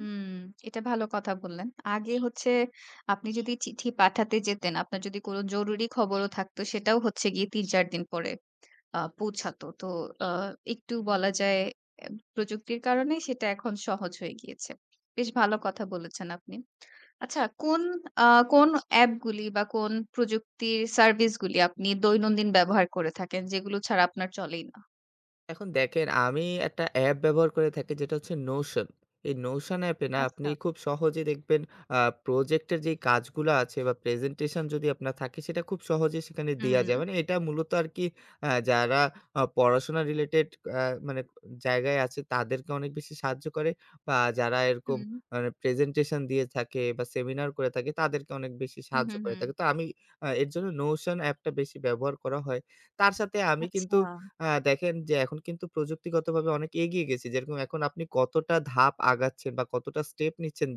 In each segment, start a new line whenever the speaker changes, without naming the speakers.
হুম, এটা ভালো কথা বললেন। আগে হচ্ছে আপনি যদি চিঠি পাঠাতে যেতেন, আপনার যদি কোন জরুরি খবরও থাকত, সেটাও হচ্ছে গিয়ে ৩-৪ দিন পরে আ পৌঁছাতো। তো অ একটু বলা যায় অ্যা প্রযুক্তির কারণেই সেটা এখন সহজ হয়ে গিয়েছে। বেশ ভালো কথা বলেছেন আপনি। আচ্ছা, কোন আ কোন অ্যাপগুলি বা কোন প্রযুক্তির সার্ভিস গুলি, আপনি দৈনন্দিন ব্যবহার করে থাকেন, যেগুলো ছাড়া আপনার চলেই না?
এখন দেখেন, আমি একটা অ্যাপ ব্যবহার করে থাকি, যেটা হচ্ছে নোশন। এই নোশন অ্যাপে না, আপনি
আচ্ছা।
খুব সহজে দেখবেন, আ প্রজেক্টের যে কাজগুলো আছে বা প্রেজেন্টেশন যদি আপনার থাকে, সেটা খুব সহজেই সেখানে দেয়া যায়।
হুম।
মানে এটা মূলত আরকি আ যারা আ পড়াশোনা রিলেটেড আ মানে জায়গায় আছে, তাদেরকে অনেক বেশি সাহায্য করে বা যারা এরকম
হুম।
মানে প্রেজেন্টেশন দিয়ে থাকে বা সেমিনার করে থাকে, তাদেরকে অনেক বেশি
হু,
সাহায্য
হু,
করে
হু।
থাকে। তো আমি অ্যা এর জন্য নোশন অ্যাপটা বেশি ব্যবহার করা হয়। তার সাথে আমি কিন্তু
আচ্ছা।
আ দেখেন যে, এখন কিন্তু প্রযুক্তিগতভাবে অনেক এগিয়ে গেছি। যেরকম এখন আপনি কতটা ধাপ আগাচ্ছেন বা কতটা স্টেপ নিচ্ছেন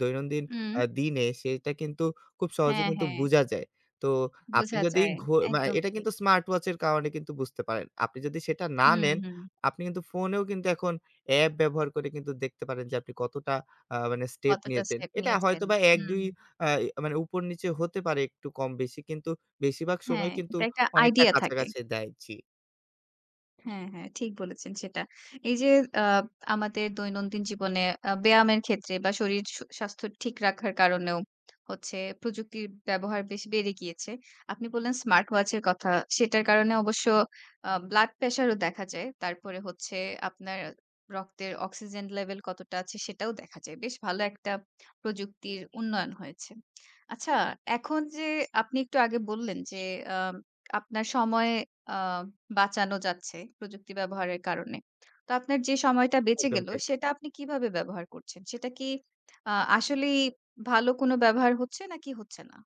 দৈনন্দিন আ
উম।
দিনে, সেটা কিন্তু খুব সহজে
হ্যাঁ,
কিন্তু
হ্যাঁ।
বুঝা যায়। তো আপনি
বোঝা
যদি,
যায়,
ঘু মা
একদম
এটা
ঠিক।
কিন্তু স্মার্ট ওয়াচ এর কারণে কিন্তু বুঝতে পারেন। আপনি যদি সেটা না
হুম,
নেন,
হুম।
আপনি কিন্তু ফোনেও কিন্তু এখন অ্যাপ ব্যবহার করে কিন্তু দেখতে পারেন যে, আপনি কতটা আ মানে স্টেপ
কতটা
নিয়েছেন।
স্টেপ
এটা
নিয়েছেন।
হয়তোবা
হুম।
১-২ আ মানে উপর নিচে হতে পারে, একটু কম-বেশি কিন্তু, বেশিরভাগ সময়
হ্যাঁ,
কিন্তু
এইটা একটা
অনেকটা
আইডিয়া থাকে।
কাছাকাছি দেয় জি।
হ্যাঁ, হ্যাঁ, ঠিক বলেছেন সেটা। এই যে আ আমাদের দৈনন্দিন জীবনে আ ব্যায়ামের ক্ষেত্রে বা শরীর স স্বাস্থ্য ঠিক রাখার কারণেও হচ্ছে প্রযুক্তির ব্যবহার বেশি বেড়ে গিয়েছে। আপনি বললেন স্মার্ট ওয়াচ এর কথা। সেটার কারণে অবশ্য আ ব্লাড প্রেশার ও দেখা যায়। তারপরে হচ্ছে, আপনার রক্তের অক্সিজেন লেভেল কতটা আছে, সেটাও দেখা যায়। বেশ ভালো একটা প্রযুক্তির উন্নয়ন হয়েছে। আচ্ছা এখন যে আপনি একটু আগে বললেন যে, আম আপনার সময় আ বাঁচানো যাচ্ছে, প্রযুক্তি ব্যবহারের কারণে। তো আপনার যে সময়টা বেঁচে
একদম
গেল,
ঠিক।
সেটা আপনি কিভাবে ব্যবহার করছেন? সেটা কি আ আসলেই ভালো কোনো ব্যবহার হচ্ছে, নাকি হচ্ছে না?